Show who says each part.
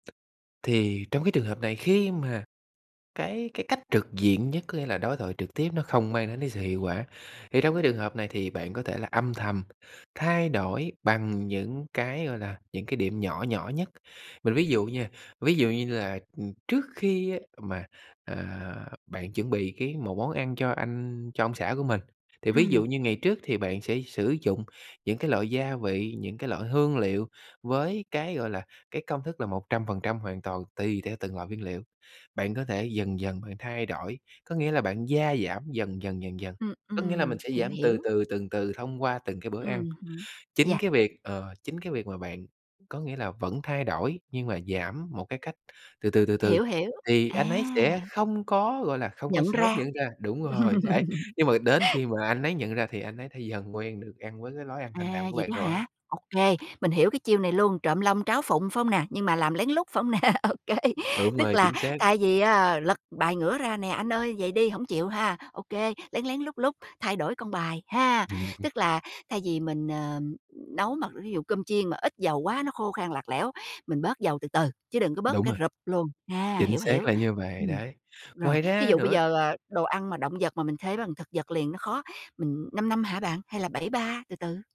Speaker 1: Thì trong cái trường hợp này, khi mà cái cái cách trực diện nhất, có nghĩa là đối thoại trực tiếp nó không mang đến cái sự hiệu quả, thì trong cái trường hợp này thì bạn có thể là âm thầm thay đổi bằng những cái, gọi là, những cái điểm nhỏ nhỏ nhất. Mình ví dụ nha, ví dụ như là, ừm, trước khi mà, à, bạn chuẩn bị cái một món ăn cho anh, cho ông xã của mình, thì ví
Speaker 2: Ừm.
Speaker 1: dụ như ngày trước thì bạn sẽ sử dụng những cái loại gia vị, những cái loại hương liệu với cái, gọi là, cái công thức là 100% hoàn toàn tùy theo từng loại nguyên liệu. Bạn có thể dần dần bạn thay đổi, có nghĩa là bạn gia giảm dần dần, dần dần,
Speaker 2: Ừm,
Speaker 1: có nghĩa là
Speaker 2: ừm,
Speaker 1: mình sẽ
Speaker 2: hiểu,
Speaker 1: giảm từ
Speaker 2: hiểu.
Speaker 1: từ, từng từ thông qua từng cái bữa ăn.
Speaker 2: Ừm hứm.
Speaker 1: Chính
Speaker 2: Yeah.
Speaker 1: cái việc, ờ, chính cái việc mà bạn có nghĩa là vẫn thay đổi, nhưng mà giảm một cái cách từ từ, từ từ,
Speaker 2: Hiểu, hiểu.
Speaker 1: thì
Speaker 2: À.
Speaker 1: anh ấy sẽ không có, gọi là, không có
Speaker 2: Nhận
Speaker 1: sớm
Speaker 2: ra.
Speaker 1: nhận ra. Đúng rồi, đấy, nhưng mà đến khi mà anh ấy nhận ra thì anh ấy thể dần quen được ăn với cái lối ăn thanh
Speaker 2: À,
Speaker 1: đạm của
Speaker 2: vậy
Speaker 1: bạn
Speaker 2: đó
Speaker 1: rồi.
Speaker 2: hả? OK, mình hiểu cái chiêu này luôn, trộm long tráo phụng, phải hông nè? Nhưng mà làm lén lút, phải hông nè? OK.
Speaker 1: Đúng
Speaker 2: Tức
Speaker 1: rồi,
Speaker 2: là
Speaker 1: chính xác.
Speaker 2: thay vì á lật bài ngửa ra nè: ''Anh ơi, vậy đi hổng chịu ha.'' OK, lén lén, lút lút thay đổi con bài ha.
Speaker 1: Ừm, ừm.
Speaker 2: Tức là thay vì mình, ờm, nấu mà ví dụ cơm chiên mà ít dầu quá nó khô khan lạc lẽo, mình bớt dầu từ từ chứ đừng có bớt một
Speaker 1: Đúng
Speaker 2: cái
Speaker 1: rồi.
Speaker 2: rụp luôn. A,
Speaker 1: Chính
Speaker 2: hiểu,
Speaker 1: xác
Speaker 2: hiểu.
Speaker 1: là như vậy,
Speaker 2: Ừm,
Speaker 1: đấy.
Speaker 2: rồi,
Speaker 1: Ngoài
Speaker 2: thí
Speaker 1: ra
Speaker 2: dụ bây
Speaker 1: nữa
Speaker 2: giờ, ờ, đồ ăn mà động vật mà mình thế bằng thực vật liền nó khó, mình 5-5 hả bạn? Hay là 7-3 từ từ?